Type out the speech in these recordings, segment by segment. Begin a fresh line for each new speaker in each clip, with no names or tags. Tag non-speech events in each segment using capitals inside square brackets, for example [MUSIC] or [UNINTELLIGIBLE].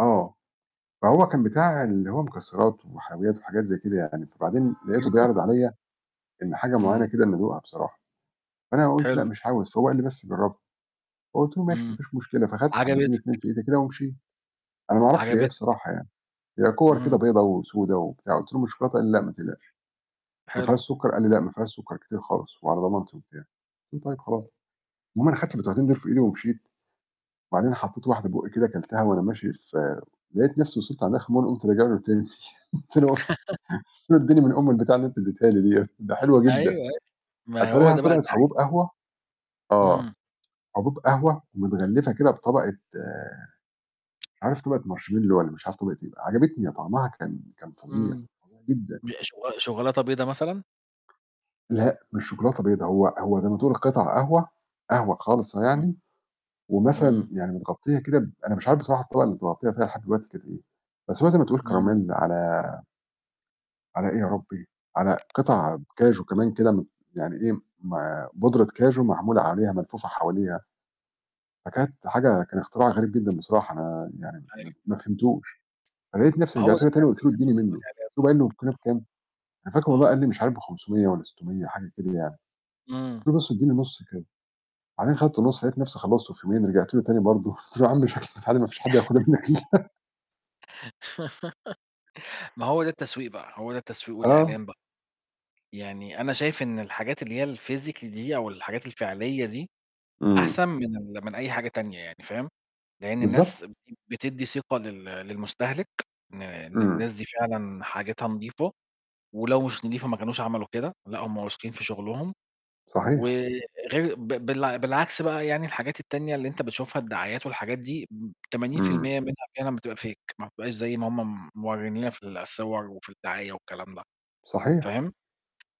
آه، فهو كان بتاع اللي هو مكسرات وحلويات وحاجات زي كده يعني، فبعدين لقيتُه
[UNINTELLIGIBLE]
بيعرض عليَّ إن حاجة معينة
امم.
كده إن أدوقها بصراحة، فأنا قُلت: "لأ
حلو.
مش عاوز." فهو قال لي: "بس جرّبها"، فقُلت له: "ماشي
امم،
مفيش مشكلة،" فخدت حبتين 2 في
عجبتَك.
إيدي كده ومشيت، أنا ما اعرفش هي إيه
عجبتَك.
بصراحة يعني، هي كِوَر
امم.
كده بيضا وسودا وبتاع، قُلت له: "مش شوكولاتة؟" قال لي: "لأ ما تقلقش، ما
حلو.
فيهاش سُكّر؟" قال لي: "لا ما فيهاش سُكّر كتير خالص وعلى ضمانتي" وبتاع قُلت له: "طيب خلاص،" المهم أنا خدت البتوعتين دول في إيدي ومشيت، وبعدين حطيت واحدة في بُقّي كده كَلتها وأنا ماشي في لقيت نفسي وصلت عند آخر المَمَرّ قُمت راجع له تاني [CHUCKLES] قلت له قُلت
[LAUGHS]
له: "اديني من أم البتاعة اللي أنت اديتها لي ديَّة،" ده حلوة جدًا.
أيوه، أ ما هو
أتاريها
ده بقى
طلعت
الدعاية
حبوب
بقى.
قهوة آه،
امم.
حبوب قهوة متغلفة كده بطبقة مش عارف طبقة marshmallow والَّا مش عارف طبقة إيه بقى، عَجَبتني، طعمها كان كان فظيع،
امم،
فظيع جدًا.
ب-– شو شوكولاتة بيضا مثلًا؟
لأ، مش شوكولاتة بيضا، هو هو زي ما تقول قِطَع قهوة، قهوة خالصة
امم.
يعني، ومثلًا
امم.
يعني متغطية كده ب أنا مش عارف بصراحة الطبقة اللي متغطية فيها لحد دلوقتي كانت إيه، بس هو زي ما تقول
امم.
كراميل على على إيه يا ربي، على قطع كاجو كمان كده م يعني إيه، م بودرة كاجو معمولة عليها ملفوفة حواليها، فكانت حاجة كان اختراع غريب جدًا بصراحة، أنا يعني
أيوه.
ما ما فهمتوش، فلقيت نفسي
ما هو
رجعت
ده
له
الت
تاني
ده
وقُلت له ادّيني
التسويق
منّه قلت
والإعلان
له [UNINTELLIGIBLE]
بقى.
والكيلو بكام؟ أنا فاكر والله
آه.
قال لي مش عارف ب500 والَّا 600 حاجة كده يعني،
امم.
قلت له بس ادّيني نُصّ كده، وبعدين خدت النُصّ، لقيت نفسي خلّصتُه في يومين، رجعت له تاني برضه قلت له يا عم شكل البتاع دي مافيش حد هياخدها منك الَّا أنا. [LAUGHS]
[GIGGLES] ما هو ده التسويق بقى، هو ده التسويق
آه.
والإعلان بقى. يعني أنا شايف إن الحاجات اللي هي الphysically دي أو الحاجات الفعلية دي،
امم.
أحسن من ال-– من أي حاجة تانية يعني، فاهم، لإن
بالضبط.
الناس ب– بتدّي ثقة لل للمستهِلك إن إن
امم.
الناس دي فعلًا حاجتها نضيفة، ولو مش نضيفة ما كانوش عملوا كده، لأ، هم واثقين في شغلهم، و
صحيح.
غير ب بالع بالعكس بقى يعني الحاجات التانية اللي أنت بتشوفها، الدعايات والحاجات دي م-– تمانين في
امم.
المِيّة منها فعلًا بتبقى fake، ما بتبقاش زي ما هم م موريين لنا في الصور وفي الدعاية والكلام ده،
صحيح.
فاهم،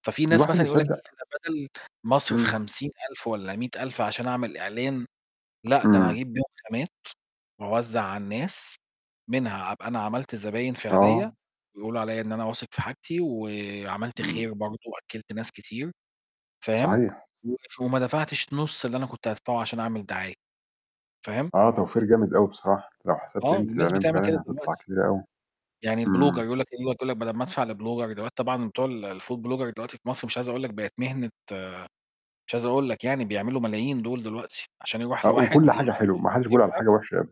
ففي ناس
الواحد
مثلًا يقول لك
يصدّق.
إيه، أنا بدل ما أصرف
امم.
50000 والَّا 100000 عشان أعمل إعلان، لأ، ده أنا
امم.
هاجيب بيهم خامات وأوزَّع على الناس، منها أبقى أنا عملت زباين فعلية،
آه.
ويقولوا عليَّ إن أنا واثق في حاجتي، وعملت
امم.
خير برضه وأكِّلت ناس كتير، فاهم،
صحيح.
وف وما دفعتش نُصّ اللي أنا كنت هادفعُه عشان أعمل دعاية، فاهم؟
آه، توفير جامد أوي بصراحة، لو حسبت
آه،
قيمة
والناس
الإعلان
بتعمل كده
فعلًا هتطلع
دلوقتي.
كبيرة أوي،
يعني الblogger
امم.
يقول لك يقول لك بدل ما أدفع لblogger دلوقتي طبعًا بتوع الfood blogger دلوقتي في مصر مش عايز أقول لك بقِت مهنة مش عايز أقول لك يعني بيعملوا ملايين دُول دلوقتي، عشان يرُوح
آه، وكُلّ
لواحد
حاجة
يعمل
حلوة، ما
[UNINTELLIGIBLE]
حدش بيقول على
الكاميرا
حاجة وحشة أب